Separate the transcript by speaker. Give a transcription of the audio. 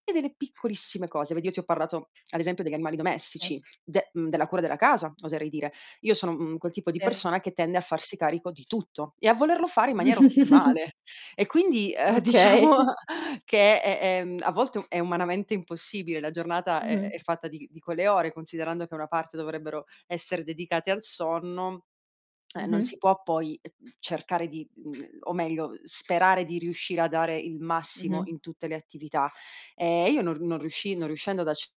Speaker 1: E delle piccolissime cose, vedi io ti ho parlato, ad esempio, degli animali
Speaker 2: Sì.
Speaker 1: domestici, de mhmm, della cura della casa, oserei dire. Io sono, mhmm, quel tipo di
Speaker 2: Sì.
Speaker 1: persona che tende a farsi carico di tutto, e a volerlo fare in maniera ottimale. E quindi, ehm, diciamo
Speaker 2: Okay.
Speaker 1: che è è mhmm, a volte u è umanamente impossibile, la giornata è è
Speaker 2: Mh-mh.
Speaker 1: fatta di di quelle ore, considerando che una parte dovrebbero essere dedicate al sonno, eh, non
Speaker 2: Mh-mh.
Speaker 1: si può poi, uhm, cercare di uhm, o meglio sperare di riuscire a dare il massimo
Speaker 2: Mh-mh.
Speaker 1: in tutte le attività. Ehm, io non r non riusci non riuscendo ad acc